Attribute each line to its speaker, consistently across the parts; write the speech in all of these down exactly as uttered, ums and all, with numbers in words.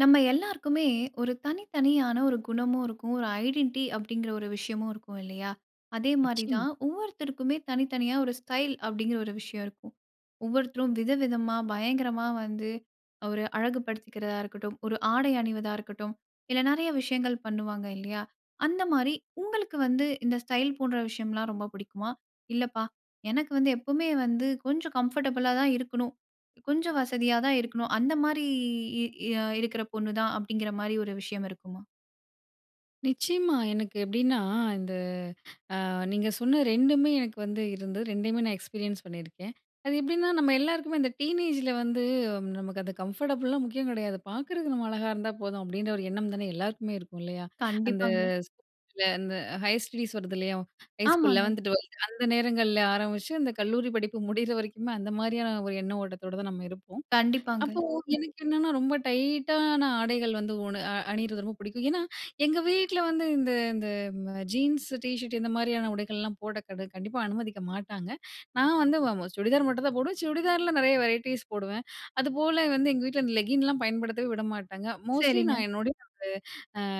Speaker 1: நம்ம எல்லோருக்குமே, ஒரு தனித்தனியான ஒரு குணமும் இருக்கும். ஒரு ஐடென்டி அப்படிங்குற ஒரு விஷயமும் இருக்கும், இல்லையா? அதே மாதிரி
Speaker 2: நிச்சயமா.
Speaker 1: தான் ஒவ்வொருத்தருக்குமே தனித்தனியா ஒரு ஸ்டைல் அப்படிங்குற ஒரு விஷயம் இருக்கும். ஒவ்வொருத்தரும் விதவிதமா, பயங்கரமா வந்து ஒரு அழகு படுத்திக்குறதா இருக்கட்டும். ஒரு ஆடை அணிவதா இருக்கட்டும். இல்ல நெறைய விஷயங்கள் பண்ணுவாங்க இல்லையா? அந்த மாரி உங்களுக்கு வந்து இந்த ஸ்டைல் போன்ற விஷயம்லாம் ரொம்ப புடிக்குமா? இல்லப்பா எனக்கு வந்து எப்பவுமே வந்து கொஞ்சம் கம்ஃபர்டபுளா தான் இருக்கணும். கொஞ்சம் வசதியா தான் இருக்கணும். அந்த மாதிரி இ இ இருக்குற பொண்ணு தான் அப்படிங்குற மாதிரி ஒரு விஷயம் இருக்குமா?
Speaker 2: நிச்சயமா. எனக்கு எப்படின்னா இந்த அ நீங்க சொன்ன ரெண்டுமே எனக்கு வந்து இருந்து, ரெண்டையுமே நான் எக்ஸ்பீரியன்ஸ் பண்ணியிருக்கேன். அது எப்படின்னா நம்ம எல்லாருக்குமே இந்த டீனேஜில வந்து நமக்கு அது கம்ஃபர்டபுள்லாம் முக்கியம் கெடையாது! பார்க்குறது நம்ம அழகா இருந்தா போதும், அப்படின்ற ஒரு எண்ணம் தானே எல்லாருக்குமே இருக்கும் இல்லையா? அந்த
Speaker 1: கண்டிப்பாங்க.
Speaker 2: [unintelligible] அந்த ஹையர் ஸ்டடீஸ் வருது இல்லையோ? ஹை ஸ்கூல்
Speaker 1: ஆமாங்க.
Speaker 2: லெவன்த், ட்வெல்த் அந்த நேரங்கள்ல ஆரம்பிச்சு, அந்த கல்லூரி படிப்பு முடியுற வரைக்குமே, அந்த மாதிரியான ஒரு எண்ண ஓட்டத்தோட தான் நம்ம இருப்போம்.
Speaker 1: கண்டிப்பாங்க.
Speaker 2: அப்போ எனக்கு என்னன்னா ரொம்ப டைட்டான ஆடைகள் வந்து உன அ அணியிறது ரொம்ப பிடிக்கும். ஏன்னா, எங்க வீட்டுல வந்து இந்த இந்த அ ஜீன்ஸ் டீ ஷர்ட் இந்த மாதிரியான உடைகள்லாம் போட கடு கண்டிப்பா அனுமதிக்க மாட்டாங்க! நான் வந்து அ அ சுடிதார் மட்டும் தான் போடுவேன். சுடிதார்ல நெறைய வெரைட்டீஸ் போடுவேன். அதுபோல வந்து எங்க வீட்டுல அந்த லெக்கின்லாம் பயன்படுத்தவே விடமாட்டாங்க. மோஸ்ட்லி
Speaker 1: சரிங்க.
Speaker 2: நான் என்னுடைய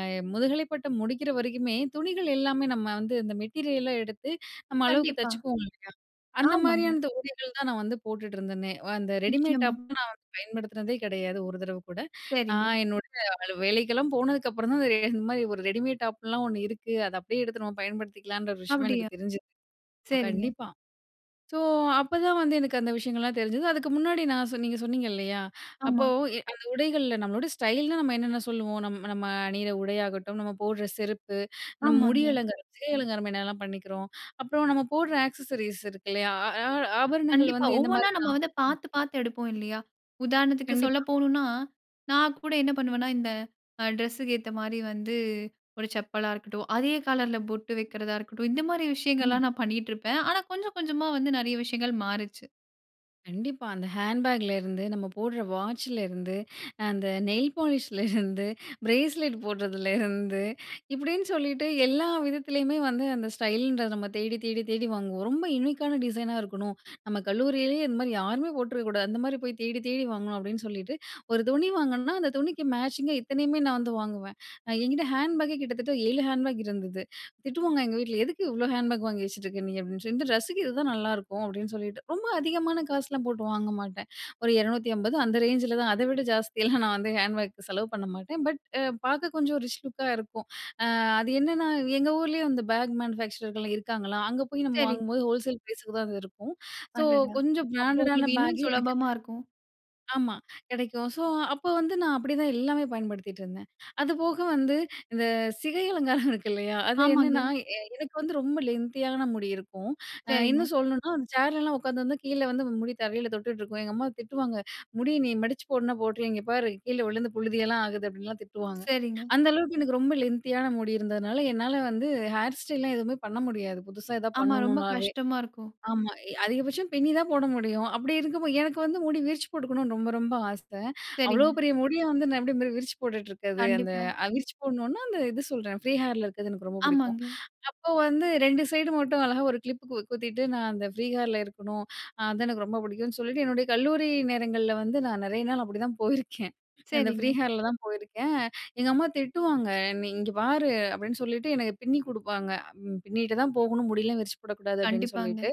Speaker 2: அ முதுகலை பட்டம் முடிக்குற வரைக்குமே, துணிகள் எல்லாமே நம்ம வந்து இந்த மெட்டீரியலா எடுத்து நம்ம அளவுக்கு
Speaker 1: கண்டிப்பா.
Speaker 2: தச்சுக்குவோம் இல்லயா? அந்த
Speaker 1: ஆமாங்க.
Speaker 2: மாதிரியான இந்த உடைகள் தான் நான் வந்து போட்டுட்டு இருந்தனே, அந்த ரெடிமேட்
Speaker 1: நிச்சயமா.
Speaker 2: டாப் நான் வந்து பயன்படுத்துனதே கிடையாது, ஒரு தடவ கூட.
Speaker 1: சரிங்க.
Speaker 2: நான் என்னோடய அலு வேலைக்கெல்லாம் போனதுக்கு அப்புறம் தான் இந்த இந்த மாதிரி ஒரு ரெடிமேட் டாப்லாம் ஒண்ணு இருக்கு. அத அப்படியே எடுத்து நம்ம பயன்படுத்திக்கலான்ற விஷயமே
Speaker 1: அப்டியா?
Speaker 2: எனக்கு தெரிஞ்சது!
Speaker 1: சரிங்க.
Speaker 2: கண்டிப்பா. ஸோ அப்பதான் வந்து எனக்கு அந்த விஷயங்கள்லாம் தெரிஞ்சது. அதுக்கு முன்னாடி நான் சொன் நீங்க சொன்னீங்க இல்லயா, அப்போ
Speaker 1: ஆமா.
Speaker 2: எ அந்த உடைகள்ல நம்மளோட ஸ்டைல்னா நம்ம என்னென்ன சொல்லுவோம். நம் நம்ம அணியுற உடையாகட்டும், நம்ம போடுற செருப்பு, நம்ம முடி
Speaker 1: ஆமாங்க.
Speaker 2: அலங்கார சிகை அலங்காரம் என்னலாம் பண்ணிக்கிறோம். அப்புறம் நம்ம போடுற ஆக்சஸரீஸ் இருக்கு இல்லயா. அ அ ஆபரணங்கள்
Speaker 1: கண்டிப்பா,
Speaker 2: வந்து எந்த
Speaker 1: ஒவ்வொன்னா
Speaker 2: மாதிரினா
Speaker 1: நம்ம வந்து
Speaker 2: [unintelligible]
Speaker 1: பார்த்து, பார்த்து எடுப்போம் இல்லையா? உதாரணத்துக்கு சொல்ல
Speaker 2: கண்டிப்பா.
Speaker 1: போனுனா, நான் கூட என்ன பண்ணுவன்னா, இந்த அ டிரஸ்ஸுக்கு ஏத்த மாதிரி வந்து ஒரு செப்பலா இருக்கட்டும். அதே கலர்ல பொட்டு வைக்கிறதா இருக்கட்டும். இந்த மாதிரி
Speaker 2: ம்.
Speaker 1: விஷயங்கள்லாம் நான் பண்ணிட்டுருப்பேன். ஆனா கொஞ்சம், கொஞ்சமா வந்து நெறைய விஷயங்கள் மாறுச்சு.
Speaker 2: கண்டிப்பா. அந்த ஹேண்ட்பேக்ல இருந்து நம்ம போடுற வாட்சிலருந்து அந்த நெயில் பாலிஷ்லருந்து, பிரேஸ்லெட் போடுறதுல இருந்து இப்படின்னு சொல்லிட்டு எல்லா விதத்திலயுமே வந்து அந்த ஸ்டைலுன்ற நம்ம தேடி, தேடி, தேடி வாங்குவோம். ரொம்ப யுனீக்கான டிசைனா இருக்கணும். நம்ம கல்லூரியிலயே இந்த மாதிரி யாருமே போட்டுருக்க கூடாது. அந்த மாதிரி போய் தேடி தேடி வாங்கணும் அப்படின்னு சொல்லிட்டு, ஒரு துணி வாங்குனனா அந்த துணிக்கு மேச்சிங்கா இத்தனையுமே நான் வந்து வாங்குவேன். என்கிட்டே ஹேண்ட் பேக்கே கிட்டத்தட்ட ஏழு ஹேண்ட்பேக் இருந்தது. திட்டுவாங்க எங்க வீட்டுல எதுக்கு இவ்ளோ ஹேண்ட்பேக் வாங்கி வச்சுட்ருக்க நீ அப்படின்னு சொல்லி இந்த ட்ரெஸ்ஸுக்கு இதுதான் நல்லாருக்கும் அப்படின்னு சொல்லிட்டு, ரொம்ப அதிகமான காசெல்லாம் போட்டு வாங்க மாட்டேன். ஒரு இரநூத்தி அம்பது அந்த ரேஞ்சில தான் அதை விட ஜாஸ்தியெல்லாம் நான் வந்து ஹேண்ட் பேக்கு செலவு பண்ண மாட்டேன். பட் பார்க்க கொஞ்சம் ரிச் லுக்கா இருக்கும். அது என்னென்னா எங்க ஊரிலயே வந்து இருக்காங்களா! அங்க போய் நம்ம
Speaker 1: சரிங்க.
Speaker 2: வாங்கும்போது ஹோல்சேல் ப்ரைஸுக்கு தான் அது இருக்கும். பேக் மேனுஃபேக்சரர்கள்லாம் ஸோ
Speaker 1: அடடா!
Speaker 2: கொஞ்சம்
Speaker 1: அப்போ
Speaker 2: பிராண்டடான
Speaker 1: உங்களுக்கு இன்னும்
Speaker 2: பேக்கே எனக்கு
Speaker 1: சுலபமா இருக்கும்.
Speaker 2: ஆமா கிடைக்கும். ஸோ அப்போ வந்து நான் அப்படிதான் எல்லாமே பயன்படுத்திட்டு இருந்தேன். அதுபோக வந்து இந்த சிகை அலங்காரம் இருக்கு இல்லையா, அது
Speaker 1: ஆமாங்க.
Speaker 2: என்னன்னா எனக்கு வந்து ரொம்ப லென்த்தியான முடி இருக்கும்.
Speaker 1: சரிங்க.
Speaker 2: இன்னும் சொல்லணுனா அந்த சேர்லலாம் உட்காந்து வந்து கீழே வந்து முடி தரையில தொட்டுட்டு இருக்கும். எங்க அம்மா திட்டுவாங்க, முடியை நீ மடிச்சு போடுனா போட்டுரு, இங்க பார் கீழே விழுந்து புழுதியெல்லாம் ஆகுது அப்படின்லாம் திட்டுவாங்க.
Speaker 1: சரிங்க.
Speaker 2: அந்த அளவுக்கு எனக்கு ரொம்ப லென்த்தியான முடி இருந்ததுனால என்னால வந்து ஹேர் ஸ்டைல்லாம் எதுவுமே பண்ண முடியாது புதுசா எதாவது
Speaker 1: ஆமா, ரொம்ப
Speaker 2: பண்ணணும்னாவே.
Speaker 1: கஷ்டமா இருக்கும்.
Speaker 2: ஆமா. அதிகபட்சம் பின்னி தான் போட முடியும். அப்படி இருக்கும் போது, எனக்கு வந்து முடி விரிச்சி போட்டுக்கணும்னு ரொம்ப ரொம்ப ஆசை. அவ்ளோ
Speaker 1: சரிங்க.
Speaker 2: பெரிய முடிய வந்து நான் எப்படி மி விரிச்சி போட்டுட்டு இருக்கிறது. அந்த
Speaker 1: கண்டிப்பா.
Speaker 2: விரிச்சி போடணும்னா அந்த இது சொல்கிறேன் ஃப்ரீ ஹேர்ல இருக்கறது எனக்கு ரொம்ப பிடிக்கும்.
Speaker 1: ஆமாங்க.
Speaker 2: அப்போ வந்து ரெண்டு சைடு மட்டும் அழகா ஒரு கிளிப்புக்கு குத்திட்டு நான் அந்த ஃப்ரீ ஹேர்ல இருக்கணும், அது எனக்கு ரொம்ப பிடிக்கும்னு சொல்லிட்டு என்னோட கல்லுரி நேரங்கள்ல வந்து நான் நெறைய நாள் அப்படிதான் போயிருக்கேன். அந்த ஃப்ரீ
Speaker 1: சரிங்க.
Speaker 2: ஹேர்ல தான் போயிருக்கேன். எங்க அம்மா திட்டுவாங்க. நீ இங்கே பாரு அப்படின்னு சொல்லிட்டு எனக்கு பின்னி கொடுப்பாங்க. பின்னிட்டு தான் போகணும் முடியலாம் விரிச்சு போடக்கூடாது அப்படின்னு
Speaker 1: கண்டிப்பாங்க.
Speaker 2: சொல்லிட்டு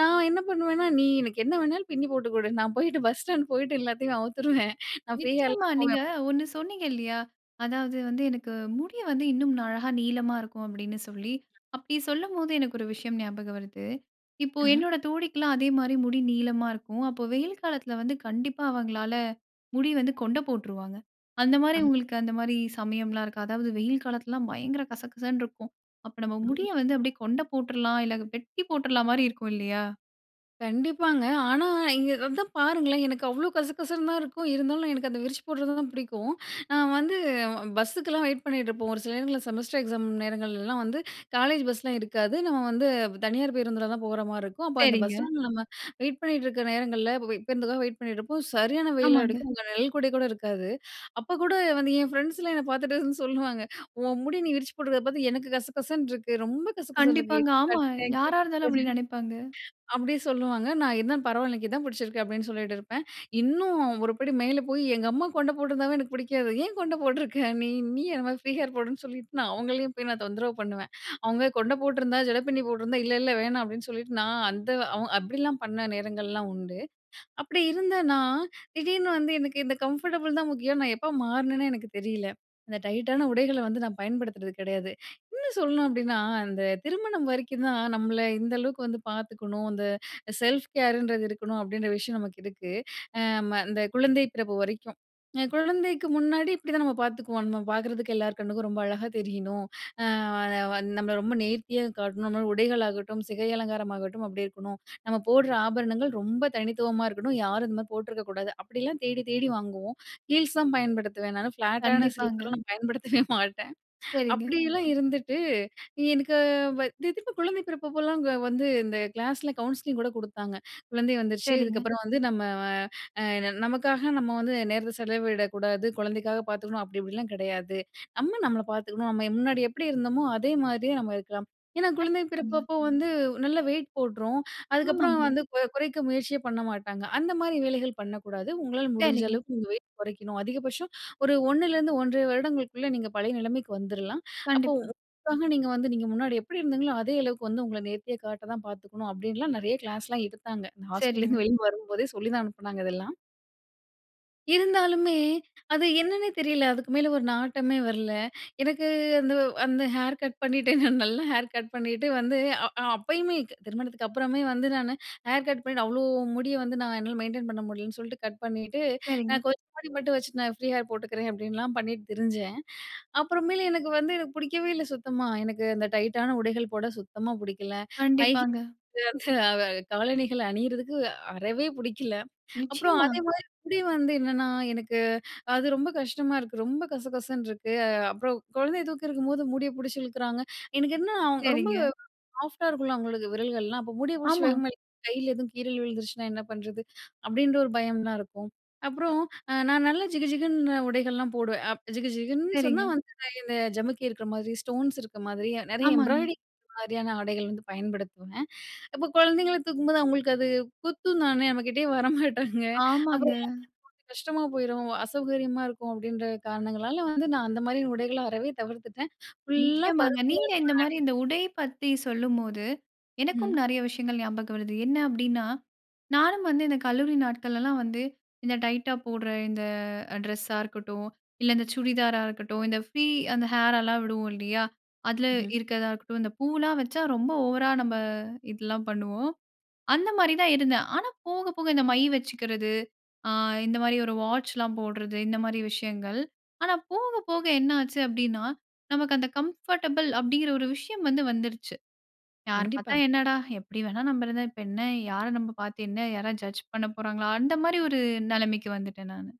Speaker 2: நான் என்ன பண்ணுவேன்னா நீ எனக்கு என்ன வேணாலும் பின்னி போட்டு கொடு, நான் போயிட்டு பஸ் ஸ்டாண்ட் போயிட்டு எல்லாத்தையும் அவுத்துருவேன் நான் ஃப்ரீ ஹேர்ல
Speaker 1: நிச்சயமா.
Speaker 2: தான் போவேன்
Speaker 1: நீங்க
Speaker 2: அப்படி
Speaker 1: ஒன்னு சொன்னீங்க இல்லியா, அதாவது வந்து எனக்கு முடி வந்து இன்னும் அழகா நீளமா இருக்கும் அப்படின்னு சொல்லி, அப்படி சொல்லும்போது எனக்கு ஒரு விஷயம் ஞாபகம் வருது. இப்போ
Speaker 2: ஆஹ்ம்.
Speaker 1: என்னோட தோழிக்கெல்லாம் அதே மாரி முடி நீளமா இருக்கும். அப்போ வெயில் காலத்துல வந்து கண்டிப்பா அவங்களால முடி வந்து கொண்டை போட்டுருவாங்க. அந்த மாதிரி
Speaker 2: அம்.
Speaker 1: உங்களுக்கு அந்த மாதிரி சமயம்லாம் இருக்கா? அதாவது வெயில் காலத்திலலாம் பயங்கர கசகசன்னு இருக்கும். அப்ப நம்ம
Speaker 2: ஓ!
Speaker 1: முடியை வந்து அப்படியே கொண்டை போட்டுரலாம் இல்ல வெட்டி போட்டுரலாம் மாரி இருக்கும் இல்லயா?
Speaker 2: கண்டிப்பாங்க. ஆனா, இங்கே அதான் பாருங்களேன்! எனக்கு அவ்வளோ கசகசன்னு தான் இருக்கும். இருந்தாலும் எனக்கு அந்த விரிச்சு போடுறத தான் பிடிக்கும். நான் வந்து பஸ்ஸுக்கெல்லாம் வெயிட் பண்ணிட்டு இருப்போம். ஒரு சில நேரங்கள்ல செமஸ்டர் எக்ஸாம் நேரங்கள்லலாம் வந்து, காலேஜ் பஸ்லாம் இருக்காது. நம்ம வந்து தனியார் பேருந்தில தான் போறமாரி இருக்கும். அப்ப அந்த பஸ்
Speaker 1: சரிங்க.
Speaker 2: ஸ்டாண்ட்ல நம்ம வெயிட் பண்ணிட்டு இருக்க நேரங்கள்ல, இப்ப பேருந்துக்காக வெயிட் பண்ணிட்டு இருப்போம். சரியான வெயில்
Speaker 1: ஆமாங்க.
Speaker 2: அடிக்கும். அங்க நிழல்குடை கூட இருக்காது. அப்போ கூட வந்து, என் ஃப்ரெண்ட்ஸ்லாம் என்ன பார்த்துட்டு அதான் சொல்லுவாங்க, "உன் முடி நீ விரிச்சி போடுறத பார்த்து, எனக்கு கசகசன்னு இருக்கு. ரொம்ப கசகசன்னு இருக்கு"
Speaker 1: கண்டிப்பாங்க. ஆமா. யாரா இருந்தாலும் அப்படி
Speaker 2: [unintelligible]
Speaker 1: நினைப்பாங்க.
Speaker 2: அப்படி சொல்லுவாங்க. "நான் இருந்தாலும் பரவால்ல. எனக்கு இதான் புடிச்சிருக்கு." அப்பிடின்னு சொல்லிட்டு இருப்பேன். இன்னும் ஒருபடி மேல போயி, எங்க அம்மா கொண்ட போட்ருந்தாவே எனக்கு புடிக்காது. ஏன் கொண்ட போட்ருக்க நீ? நீயும் என்னமாரி ஃபரீ ஹேர் போடுன்னு சொல்லிட்டு, நான் அவுங்களையும் போய் நான் தொந்தரவு பண்ணுவேன். அவுங்க கொண்ட போட்டிருந்தா, ஜட பிண்ணி போட்டிருந்தா, "இல்ல, இல்ல வேணாம்." அப்படின்னு சொல்லிட்டு நான் அந்த அவு அப்பிடிலாம் பண்ண நேரங்கள்லாம் உண்டு. அப்படி இருந்த நான், திடீர்னு வந்து எனக்கு இந்த கம்ஃபர்டபுள் தான் முக்கியம்ன்னு, நான் எப்ப மாறுனேனே எனக்கு தெரியல. அந்த டைட்டான உடைகள வந்து நான் பயன்படுத்துறது கிடையாது. இன்னும் சொல்லணும் அப்பிடின்னா, "அந்த திருமணம் வரைக்கும் தான் நம்மள இந்த அளவுக்கு வந்து பார்த்துக்கணும், அந்த செல்ஃப் கேர் ன்றது இருக்கணும்." அப்படின்ற விஷயம் நமக்கு இருக்கு. அ அம் அந்த குழந்தை பிறப்பு வரைக்கும். அ குழந்தைக்கு முன்னாடி இப்படிதான் நம்ம பார்த்துக்குவோம். நம்ம பாக்கறதுக்கு எல்லார் கண்ணுக்கும் ரொம்ப அழகா தெரியணும். அ வா வ நம்மள ரொம்ப நேர்த்தியா காட்டணும். இந்தமாரி உடைகளாகட்டும், சிகை அலங்காரமாகட்டும், அப்படி இருக்கணும். நம்ம போடுற ஆபரணங்கள் ரொம்ப தனித்துவமா இருக்கணும், யாரும் இந்தமாரி போட்டுருக்க கூடாது. அப்படிலாம் தேடி, தேடி வாங்குவோம். ஹீல்ஸ் தான் பயன்படுத்துவேன் நானு. ஃபிளாட்டான
Speaker 1: கண்டிப்பாங்க.
Speaker 2: சிலிப்பர்லாம் நான் பயன்படுத்தவே மாட்டேன்.
Speaker 1: சரிங்க.
Speaker 2: அப்படியெல்லாம் இருந்துட்டு, எனக்கு வ "இது எதுக்கு?" குழந்தை பிறப்பப்பல்லாங்க வந்து, இந்த கிளாஸ்ல கவுன்சிலிங் கூட குடுத்தாங்க. "குழந்தை வந்துருச்சு,
Speaker 1: சரிங்க.
Speaker 2: இதுக்கப்பறம் வந்து நம்ம வ அ என்ன நமக்காக நம்ம வந்து நேரத்த செலவிடக்கூடாது, குழந்தைக்காக பார்த்துக்கணும், அப்படி இப்படிலாம் கெடையாது. நம்ம நம்மள பார்த்துக்கணும். நம்ம முன்னாடி எப்படி இருந்தமோ, அதே மாதிரியே நம்ம இருக்கலாம். ஏன்னா, குழந்தை
Speaker 1: [unintelligible]
Speaker 2: பிறப்பப்போ வந்து நல்ல வெயிட் போட்டுரும். அதுக்கப்பறம்
Speaker 1: ஆமாங்க.
Speaker 2: வந்து, குற குறைக்க முயற்சியே பண்ண மாட்டாங்க. அந்த மாரி வேலைகள் பண்ணக்கூடாது. உங்களால முடிஞ்ச
Speaker 1: சரிங்க.
Speaker 2: அளவுக்கு நீங்க வெயிட் குறைக்கணும். அதிகபட்சம் ஒரு ஒண்ணுலிருந்து ஒன்றரை வருடங்களுக்குள்ள நீங்க பழைய நிலமைக்கு வந்துர்லாம். அப்போ
Speaker 1: கண்டிப்பா.
Speaker 2: [unintelligible] நீங்க வந்து, நீங்க முன்னாடி எப்படி இருந்தீங்களோ, அதே அளவுக்கு வந்து உங்கள நேர்த்தியா காட்டதான் பாத்துக்கணும்." அப்பிடின்லாம் நெறைய கிளாஸ்லாம் எடுத்தாங்க. நான்
Speaker 1: சரிங்க.
Speaker 2: ஹாஸ்பிட்டலேருந்து வெளிய வரும்போதே சொல்லிதான் அனுப்புனாங்க, இதெல்லாம். இருந்தாலுமே, அது என்னன்னே தெரில. அதுக்கு மேல ஒரு நாட்டமே வரல! எனக்கு அந்த அந்த ஹேர் கட் பண்ணிட்டு, நல்ல ஹேர் கட் பண்ணிட்டு வந்து அ அப்பயுமே, திருமணத்துக்கு அப்புறமே வந்து நானு, ஹேர் கட் பண்ணிட்டு அவ்ளோ முடிய வந்து நான் என்னால மெயின்டெயின் பண்ண முடியலன்னு சொல்ட்டு கட் பண்ணிட்டு.
Speaker 1: சரிங்க.
Speaker 2: நான் கொஞ்சம் [unintelligible] மட்டும் வச்சுட்டு, நான் ஃப்ரீ ஹேர் போட்டுக்கிறேன், அப்படின்லாம் பண்ணிட்டு திரிஞ்சேன். அப்புறமேலு எனக்கு வந்து பிடிக்கவே இல்ல சுத்தமா. எனக்கு அந்த டைட்டான உடைகள் போட சுத்தமா புடிக்கல, ஹை ஹீ
Speaker 1: கண்டிப்பாங்க.
Speaker 2: [unintelligible] அந்த அ காலணிகள அணியிறதுக்கு அ அறவே புடிக்கல. அப்புறம்
Speaker 1: நிச்சயமா!
Speaker 2: அதே மாதிரி முடி வந்து என்னன்னா, எனக்கு அது ரொம்ப கஷ்டமா இருக்கு. ரொம்ப கசகசன்னு இருக்கு. அ அப்புறம் குழந்தைய தூக்கியிருக்கும்போது முடிய புடிச்சு இழுக்கிறாங்க. எனக்கு என்ன ரொம்ப
Speaker 1: சரிங்க.
Speaker 2: சாஃப்ட்டா இருக்கும்ல அவங்களுக்கு, விரல்கள்லாம். அப்ப முடிய புடிச்சி
Speaker 1: ஆமா.
Speaker 2: வேகமா இழுக் கைல எதுவும் கீறல் விழுந்துருச்சுனா என்ன பண்ணுறது. அப்படின்ற ஒரு பயம்லாம் இருக்கும். அப்புறம் அ நான் நல்லா ஜிகுஜிகுன்னு உடைகள்லாம் போடுவேன். அப் ஜிகு ஜிகுன்னு சொன்னா
Speaker 1: சரிங்க.
Speaker 2: வந்து இந்த ஜமுக்கி இருக்குற மாதிரி, ஸ்டோன்ஸ் இருக்க மாதிரி, நிறைய
Speaker 1: ஆமாங்க.
Speaker 2: எம்ப்ராய்டரிங் மாதிரியான ஆடைகள் வந்து பயன்படுத்துவேன். அப்போ குழந்தைங்கள தூக்கும்போது, அவங்களுக்கு அது குத்தும் தானே! நம்ம கிட்டேயே வர மாட்டாங்க. அப்புறம்
Speaker 1: ஆமாங்க.
Speaker 2: [unintelligible] கஷ்டமா போயிரும். அசௌகரியமா இருக்கும், அப்படின்ற காரணங்களால வந்து நான் அந்த மாதிரி உடைகள அறவே தவிர்த்துட்டேன். ஃபுல்லா
Speaker 1: நிச்சயமாங்க!
Speaker 2: பருத்தியால
Speaker 1: நீங்க இந்த
Speaker 2: ஆன
Speaker 1: மாதிரி
Speaker 2: ஆடை.
Speaker 1: இந்த உடை பத்தி சொல்லும்போது, எனக்கும்
Speaker 2: ம்.
Speaker 1: நெறைய விஷயங்கள் ஞாபகம் வருது. என்ன அப்படின்னா நானும் வந்து இந்த கல்லூரி நாட்களெல்லாம் வந்து, இந்த டைட்டா போடுற இந்த அ டிரஸ்ஸா இருக்கட்டும், இல்ல இந்த சுடிதாரா இருக்கட்டும், இந்த ஃப்ரீ அந்த ஹேர் எல்லாம் விடுவோம் இல்லையா? அதுல
Speaker 2: ம்ஹ்ம்.
Speaker 1: இருக்கிறதா இருக்கட்டும். இந்த பூலாம் வச்சா ரொம்ப ஓவரா நம்ம, இதெல்லாம் பண்ணுவோம். அந்த மாதிரி தான் இருந்தேன். ஆனா போக, போக இந்த மை வச்சுக்கிறது. அ இந்த மாதிரி ஒரு வாட்ச்லாம் போடுறது, இந்த மாதிரி விஷயங்கள். ஆனா போக, போக என்ன ஆச்சு அப்படின்னா, நமக்கு அந்த கம்ஃபர்டபுள் அப்படிங்குற ஒரு விஷயம் வந்து வந்துருச்சு. "யார் பார்த்தா
Speaker 2: கண்டிப்பா.
Speaker 1: என்னடா? எப்படி வேணா நம்ம இருந்தா. இப்ப என்ன யார நம்ப பார்த்து, என்ன யாராவது ஜட்ஜ் பண்ண போறாங்களா?" அந்த மாதிரி ஒரு நெலைமைக்கு வந்துட்டேன் நானு.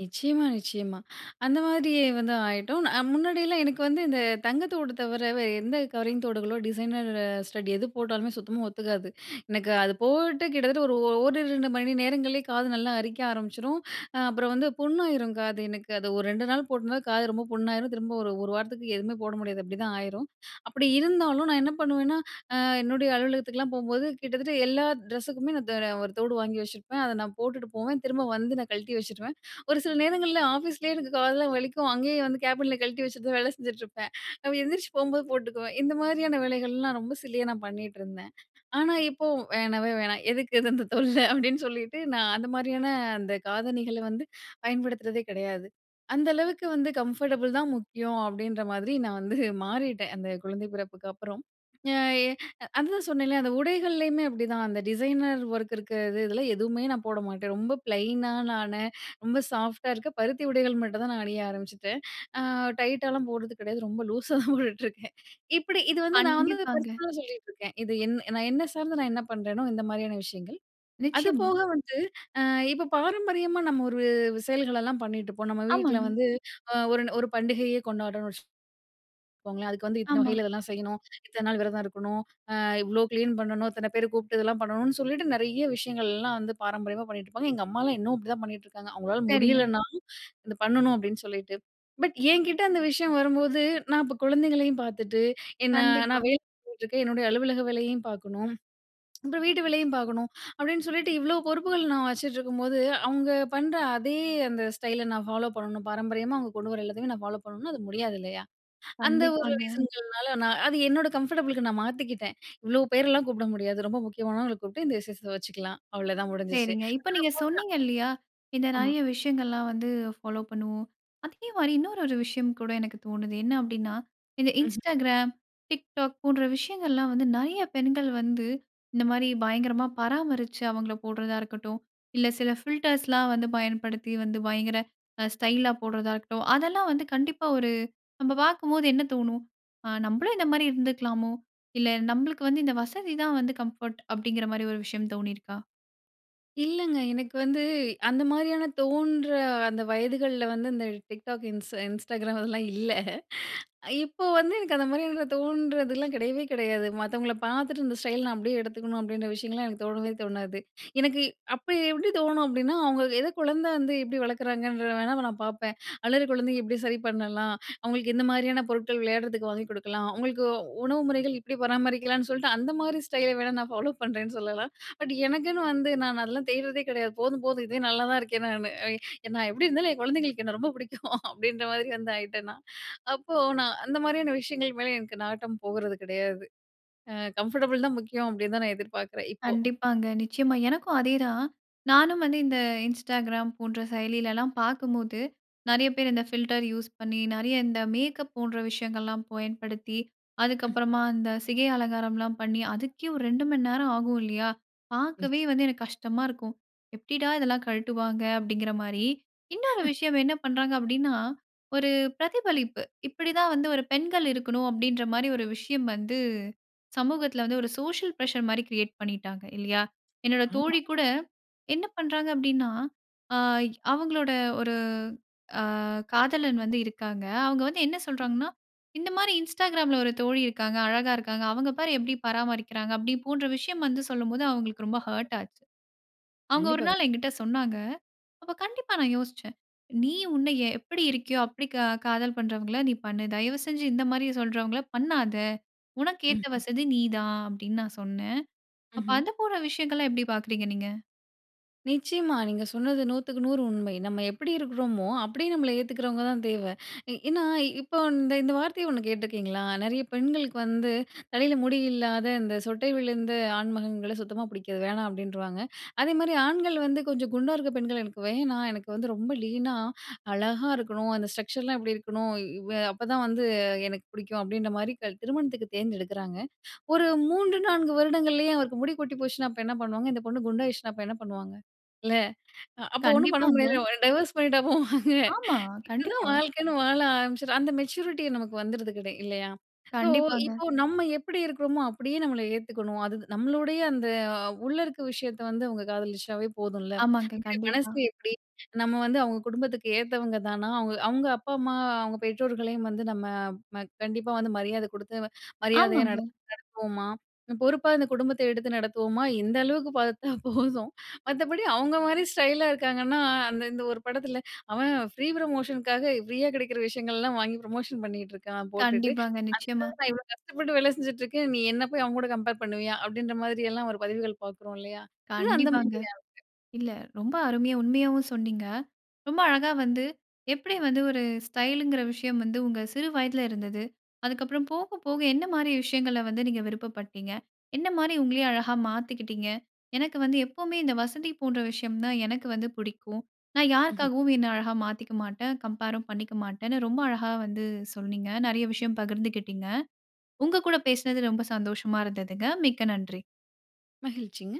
Speaker 2: நிச்சயமா, நிச்சயமா. அந்த மாதிரி வந்து ஆயிட்டோம். அ முன்னாடியெல்லாம் எனக்கு வந்து இந்த தங்கத்தோடு தவிர வேறு எந்த கவரிங் தோடுகளோ! டிசைனர் ஸ்டட் எது போட்டாலுமே, சுத்தமா ஒத்துக்காது. எனக்கு அது போட்டு கிட்டத்தட்ட ஒரிரு ரெண்டு மணி நேரங்கள்லே காது நல்லா அரிக்க ஆரம்பிச்சிரும். அ அப்புறம் வந்து புண்ணாயிரும் காது எனக்கு. அது ஒரு ரெண்டு நாள் போட்டுந்தா, காது ரொம்ப புண்ணாயிரும். திரும்ப ஒரு ஒரு வாரத்துக்கு எதுவுமே போட முடியாது, அப்பிடிதான் ஆயிரும். அப்பிடி இருந்தாலும், நான் என்ன பண்ணுவேன்னா அ என்னுடைய அலுவலகத்துக்குலாம் போம்போது, கிட்டத்தட்ட எல்லா ட்ரெஸ்ஸுக்குமே நான் தர ஒரு தோடு வாங்கி வச்சிருப்பேன். அத நான் போட்டுட்டு போவேன், திரும்ப வந்து நான் கழட்டி வச்சுருவேன். ஒரு சில நேரங்கள்ல ஆஃபீஸ்லேயே எனக்கு காதெல்லாம் வலிக்கும். அங்கேயே வந்து கேபின்ல கழட்டி வச்சுட்டுதான் வேல செஞ்சிட்டிருப்பேன். அப்ப எந்திரிச்சு போம்போது போட்டுக்குவேன். இந்த மாதிரியான வேலைகள்லாம் ரொம்ப சில்லியா நான் பண்ணிட்டிருந்தேன். ஆனா இப்போ, "வேணவே வேணாம். எதுக்கு இது? அந்த தொல்ல." அப்பிடின்னு சொல்லிட்டு, நான் அந்த மாதிரியான அந்த காதணிகள வந்து பயன்படுத்துறதே கிடையாது. அந்த அளவுக்கு வந்து கம்ஃபர்டபுள் தான் முக்கியம் அப்பிடின்றமாரி நான் வந்து மாறிட்டேன், அந்த குழந்தை பிறப்புக்கு அப்புறம். நா எ அ அதுதான் சொன்னேல்ல, அந்த உடைகள்லயுமே அப்பிடிதான். அந்த டிசைனர் ஒர்க் இருக்க இது எதுல எதுவுமே நான் போட மாட்டேன். ரொம்ப பிளைனாலான, ரொம்ப சாஃப்ட்டா இருக்க பருத்தி உடைகள் மட்டும் தான் நான் அணிய ஆரம்பிச்சுட்டேன். அ டைட்டாலாம் போடுறது கிடையாது. ரொம்ப லூசா தான் போட்டுட்டிருக்கேன். இப்பிடி இது வந்து நான் வந்து
Speaker 1: கண்டிப்பாங்க.
Speaker 2: பர்ஸ்னலா சொல்லிட்டிருக்கேன். இது என் நான், என்னை சார்ந்து நான் என்ன பண்றேனோ, இந்த மாதிரியான விஷயங்கள்.
Speaker 1: நிச்சயமா.
Speaker 2: அதுபோக வந்து அ இப்ப பாரம்பரியமா நம்ம ஒரு செயல்கள் எல்லாம் பண்ணிட்டிருப்போம். நம்ம வீட்ல
Speaker 1: ஆமாங்க.
Speaker 2: வந்து அ ஒரு ஒரு பண்டிகையே கொண்டாட்றன்னு வச்சு கோங்களேன். அதுக்கு வந்து இத்தன
Speaker 1: ஆமா.
Speaker 2: வகையில இதெல்லாம் செய்யணும், இத்தன நாள் விரதம் இருக்கணும், அ இவ்ளோ கிளீன் பண்ணணும், இத்தன பேர கூப்ட்டு இதெல்லாம் பண்ணணும்னு சொல்லிட்டு, நிறைய விஷயங்கள்லாம் வந்து பாரம்பரியமா பண்ணிகிட்டுருப்பாங்க. எங்க அம்மாலாம் இன்னும் அப்பிடிதான் பண்ணிகிட்டுருக்காங்க. அவுங்களால
Speaker 1: சரிங்க.
Speaker 2: முடியலன்னாலும், "இது பண்ணணும்." அப்பிடின்னு சொல்லிட்டு. பட் என்கிட்ட அந்த விஷயம் வரும்போது, நான் இப்ப குழந்தைங்களையும் பார்த்துட்டு ஏன்னா,
Speaker 1: கண்டிப்பா.
Speaker 2: நான் வேலை டிருக்கேன். என்னுடைய அலுவலக வேலையும் பார்க்கணும், அப்புறம் வீட்டு வேலையும் பார்க்கணும் அப்பிடின்னு சொல்லிட்டு இவ்ளோ பொறுப்புகள் நான் வச்சுட்ருக்கும்போது, அவுங்க பண்ற அதே அந்த ஸ்டைல நான் ஃபாலோ பண்ணணும் பாரம்பரியமா அவுங்க கொண்டுவர எல்லாத்தையுமே நான் ஃபாலோப் பண்ணணும்னா, அது முடியாது இல்லயா! அந்த ஒரு
Speaker 1: கண்டிப்பாங்க.
Speaker 2: ரீசன்கள்னா நான் அது என்னோட கம்ஃபர்டபுளுக்கு நான் மாத்திக்கிட்டேன். இவ்ளோ பேர்லாம் கூப்பிட முடியாது. ரொம்ப முக்கியமானவங்கள கூப்ட்டு, இந்த விசேஷம் வச்சுக்கலாம். அவ்ளோதான் முடிஞ்சிச்சு.
Speaker 1: சரிங்க. இப்ப நீங்க சொன்னீங்க இல்லியா!
Speaker 2: [unintelligible]
Speaker 1: இந்த
Speaker 2: ஆமா.
Speaker 1: நிறைய விஷயங்கள்லாம் வந்து ஃபாலோ பண்ணுவோம். அதேமாரி இன்னொரு ஒரு விஷயம் கூட எனக்கு தோணுது. என்ன அப்பிடின்னா, இந்த
Speaker 2: ம்ஹ்ம்.
Speaker 1: Instagram, TikTok போன்ற விஷயங்கள்லாம் வந்து நிறைய பெண்கள் வந்து இந்தமாரி பயங்கரமா பராமரிச்சு அவுங்கள போடுறதா இருக்கட்டும், இல்ல சில ஃபில்டர்ஸ்லாம் வந்து பயன்படுத்தி வந்து பயங்கர அ ஸ்டைலா போடுறதா இருக்கட்டும். அதெல்லாம் வந்து கண்டிப்பா ஒரு நம்ப பார்க்கும்போது என்ன தோணும்? ஆ. நம்பளும் இந்தமாரி இருந்துக்கலாமோ! இல்ல நம்மளுக்கு வந்து இந்த வசதிதான் வந்து கம்ஃபோர்ட், அப்பிடிங்கிறமாரி ஒரு விஷயம் தோணிருக்கா?
Speaker 2: இல்லங்க. எனக்கு வந்து அந்த மாதிரியான தோன்ற அந்த வயதுகள்ல வந்து, இந்த டிக்டாக் இன்ஸ் இன்ஸ்டாகிராம் அதெல்லாம் இல்ல. இப்போது வந்து எனக்கு அந்த மாதிரியான தோன்றதுலாம் கிடையவே கிடையாது. மத்தவங்கள பார்த்துட்டு, இந்த ஸ்டைல் நான் அப்பிடியே எடுத்துக்கணும் அப்பிடின்ற விஷயங்கள்லாம் எனக்கு தோணவே தோணாது. எனக்கு அப்ப எப்பிடி தோணும் அப்பிடின்னா, அவுங்க எத குழந்த வந்து எப்பிடி வளர்க்குறாங்கன்ற வேணா நான் பார்ப்பேன். அழுகிற குழந்தைங்க எப்பிடி சரி பண்ணலாம். அவுங்களுக்கு எந்த மாதிரியான பொருட்கள் விளையாட்றதுக்கு வாங்கிக் கொடுக்கலாம். அவுங்களுக்கு உணவு முறைகள் எப்பிடி பராமரிக்கலான்னு சொல்ட்டு அந்தமாரி ஸ்டைல வேணா, நான் ஃபாலோப் பண்ணுறேன்னு சொல்லலாம். பட் எனக்குன்னு வந்து நான் அதெல்லாம் தேட்றதே கிடையாது. போதும், போதும். இதுவே நல்லாதான் இருக்கேன் நானு. அ நான் எப்பிடி இருந்தாலும், என் குழந்தைங்களுக்கு என்ன ரொம்ப பிடிக்கும் அப்பிடின்ற மாதிரி வந்து ஆயிட்டேன் நான். அப்போ நான் அந்த மாதிரியான விஷயங்களுக்கு மேல எனக்கு நாட்டம் போகிறது கிடையாது. அ கம்ஃபர்டபுள் தான் முக்கியம் அப்பிடின்தான் நான் எதிர்பார்க்கிறேன் இப்போ.
Speaker 1: கண்டிப்பாங்க. நிச்சயமா எனக்கும் அதேதான். நானும் வந்து இந்த இன்ஸ்டாகிராம் போன்ற செயலிலலாம் பார்க்கும்போது, நிறைய பேர் இந்த ஃபில்டர் யூஸ் பண்ணி நிறைய இந்த மேக்கப் போன்ற விஷயங்கள்லாம் பயன்படுத்தி,
Speaker 2: ம்.
Speaker 1: அதுக்கப்பறமா இந்த சிகை அலங்காரம்லாம் பண்ணி, அதுக்கே ஒரு ரெண்டு மணி நேரம் ஆகும் இல்லயா! பார்க்கவே
Speaker 2: நிச்சயமா.
Speaker 1: வந்து எனக்கு கஷ்டமா இருக்கும். எப்பிடிடா இதெல்லாம் கழட்டுவாங்க அப்பிடிங்கிறமாரி. இன்னொரு விஷயம் என்ன பண்றாங்க அப்பிடின்னா, ஒரு பிரதிபலிப்பு. இப்பிடிதான் வந்து ஒரு பெண்கள் இருக்கணும், அப்பிடின்றமாரி ஒரு விஷயம் வந்து சமூகத்தில வந்து ஒரு சோசியல் பிரஷர்மாரி கிரியேட் பண்ணிட்டாங்க இல்லயா. என்னுடைய
Speaker 2: ஆமா.
Speaker 1: தோழிகூட என்ன பண்றாங்க அப்பிடின்னா, ஆ அவுங்களோட ஒரு ஆ காதலன் வந்து இருக்காங்க. அவுங்க வந்து என்ன சொல்றாங்கன்னா, இந்தமாரி இன்ஸ்டாகிராம்ல ஒரு தோழி இருக்காங்க, அழகா இருக்காங்க. அவுங்க பாரு எப்பிடி பராமரிக்கிறாங்க அப்பிடி போன்ற விஷயம் வந்து சொல்லும்போது, அவுங்களுக்கு ரொம்ப ஹர்ட் ஆச்சு. அவுங்க ஒரு
Speaker 2: கண்டிப்பா,
Speaker 1: நாள்
Speaker 2: கண்டிப்பா.
Speaker 1: எங்கிட்ட சொன்னாங்க. அப்ப கண்டிப்பா நான் யோசிச்சேன். நீ உன்ன எப்பிடி இருக்கியோ அப்பிடி க காதல் பண்றவங்கள நீ பண்ணு. தயவுசெஞ்சு இந்தமாரி சொல்கின்றவங்கள பண்ணாத! உனக்கு
Speaker 2: ம்,
Speaker 1: ஏத்த
Speaker 2: ம்.
Speaker 1: வசதி நீ தான் அப்பிடி நான் சொன்னேன். அப்போ
Speaker 2: ம்ஹ்ம்.
Speaker 1: அத போன்ற விஷயங்கள்லாம் எப்படி பார்க்கிறீங்க நீங்க?
Speaker 2: நிச்சியமா. நீங்க சொன்னது நூத்துக்கு நூறு உண்மை. நம்ம எப்படி இருக்குறோமோ அப்படியே நம்மள ஏத்துகரவங்கதான் தேவை. ஏ ஏன்னா இப்ப வன் இந்த இந்த வார்த்தைய ஒண்ணு கேட்டிருக்கிறீங்களா? நிறைய பெண்களுக்கு வந்து தலையில முடி இல்லாத, இந்த சொட்டை விழுந்த ஆண் மகன்கள சுத்தமா பிடிக்காது வேணாம் அப்படின்றுவாங்க. அதே மாதிரி ஆண்கள் வந்து, "கொஞ்சம் குண்டா இருக்கிற பெண்கள எனக்கு வேணா. எனக்கு வந்து ரொம்ப லீனா அழகா இருக்கணும். அந்த ஸ்ட்ரக்சர்லாம் இப்டி இருக்கணும். இவே அப்போதான் வந்து எனக்கு பிடிக்கும்". அப்படின்ற மாரி க திருமணத்துக்கு தேர்ந்தெடுக்குறாங்க. ஒரு மூன்று, நான்கு வருடங்கள்லேயே அவருக்கு முடி கொட்டி போச்சுனா அப்ப என்ன பண்ணுவாங்க. இந்த பொண்ணு குண்டாயிடுச்சுனா அப்ப என்ன பண்ணுவாங்க. இல்ல அப்போ ஒண்ணும் பண்ண
Speaker 1: கண்டிப்பாங்க.
Speaker 2: முடியாதுல. டைவோர்ஸ் பண்ணிட்டா போவாங்க!
Speaker 1: ஆமா.
Speaker 2: இதுதான்
Speaker 1: கண்டிப்பா.
Speaker 2: வாழ்க்கைன்னு வாழ ஆரம்பிச்சுட்ட. அந்த மெச்சூரிட்டி நமக்கு வந்துருருதுங்க இல்லையா. ஸோ
Speaker 1: கண்டிப்பாங்க.
Speaker 2: இப்போ நம்ம எப்படி இருக்கிறோமோ அப்படியே நம்மள ஏத்துக்கணும். அது நம்மளுடைய அந்த உள்ள இருக்கிற விஷயத்த வந்து அவங்க காதலிச்சாவே போதும்ல.
Speaker 1: ஆமாங்க.
Speaker 2: மனசு
Speaker 1: கண்டிப்பா.
Speaker 2: எப்படி நம்ம வந்து அவங்க குடும்பத்துக்கு ஏத்தவங்க தானா, அவங்க அவங்க அப்பா, அம்மா, அவங்க பெற்றோர்களையும் வந்து நம்ம ம கண்டிப்பா வந்து மரியாதை குடுத்து மரியாதையா
Speaker 1: ஆமாங்க.
Speaker 2: நடத்து நடத்துவோமா, பொறுப்பா இந்த குடும்பத்த எடுத்து நடத்துவோமா, இந்த அளவுக்கு பார்த்தா போதும். மத்தபடி அவங்க மாரி ஸ்டைலா இருக்காங்கன்னா, அந்த இந்த ஒரு படத்தில அவன் ஃப்ரீ ப்ரமோஷனுக்காக ஃப்ரீயா கிடைக்கிற விஷயங்கள்லாம் வாங்கி ப்ரமோஷன் பண்ணிகிட்டு இருக்கான் போட்டுட்டு.
Speaker 1: கண்டிப்பாங்க. நிச்சயமா.
Speaker 2: அதுக்கு நான் இவ்வளோ கஷ்டப்பட்டு வேலை செஞ்சிட்டு இருக்கேன். நீ என்ன போய் அவன் கூட கம்பேர் பண்ணுவியா, அப்படின்ற மாதிரியெல்லாம் ஒரு பதிவுகள் பார்க்குறோம். இல்லையா. இது அந்த
Speaker 1: கண்டிப்பாங்க.
Speaker 2: மாதிரியானது.
Speaker 1: இல்ல ரொம்ப அருமையா உண்மையாவும் சொன்னிங்க. ரொம்ப அழகா வந்து எப்படி வந்து ஒரு ஸ்டைலுங்கிற விஷயம் வந்து, உங்க சிறு வயதில இருந்தது. அதுக்கப்புறம் போக போக என்ன மாரி விஷயங்கள வந்து நீங்க விருப்பப்பட்டீங்க. என்ன மாரி உங்களையே அழகா மாத்திக்கிட்டிங்க. எனக்கு வந்து எப்பவுமே இந்த வசதி போன்ற விஷயம் தான் எனக்கு வந்து பிடிக்கும். நான்
Speaker 2: ம்ஹ்ம்.
Speaker 1: யாருக்காகவும் என்ன அழகா மாத்திக்க மாட்டேன். கம்பேரும் பண்ணிக்க மாட்டேன்னு ரொம்ப அழகா வந்து சொன்னீங்க. நிறைய விஷயம் பகிர்ந்துக்கிட்டிங்க. உங்க கூட பேசினது ரொம்ப சந்தோஷமா இருந்ததுங்க. மிக்க நன்றி.
Speaker 2: மகிழ்ச்சிங்க.